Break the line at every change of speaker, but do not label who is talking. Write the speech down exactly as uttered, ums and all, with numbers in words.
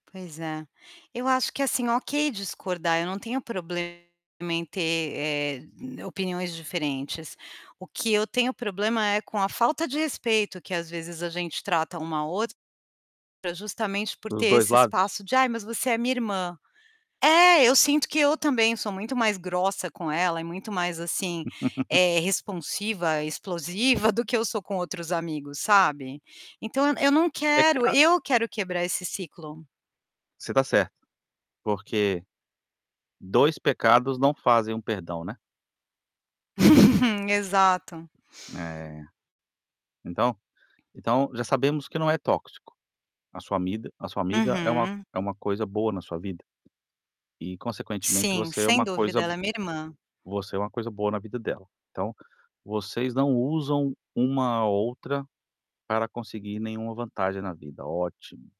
Pois é, eu acho que assim, ok, discordar. Eu não tenho problema em ter, eh, opiniões diferentes. O que eu tenho problema é com a falta de respeito, que às vezes a gente trata um ao ou pra justamente por
Para os
ter
dois
esse
lados?
espaço de: "Ai, mas você é minha irmã". É, eu sinto que eu também sou muito mais grossa com ela e muito mais, assim, eh, responsiva, explosiva do que eu sou com outros amigos, sabe, então eu eu não
É
quero
ca
eu quero quebrar esse ciclo.
Você está certa, porque dois pecados não fazem um perdão, né?
Exato.
É, então então já sabemos que não é tóxico, a sua amiga a sua amiga é uma
Uhum.
é uma coisa boa na sua vida, e consequentemente
Sim,
você é
sem
uma
dúvida,
coisa
ela é minha irmã.
você é uma coisa boa na vida dela. Então, vocês não usam uma a outra para conseguir nenhuma vantagem na vida, ótimo.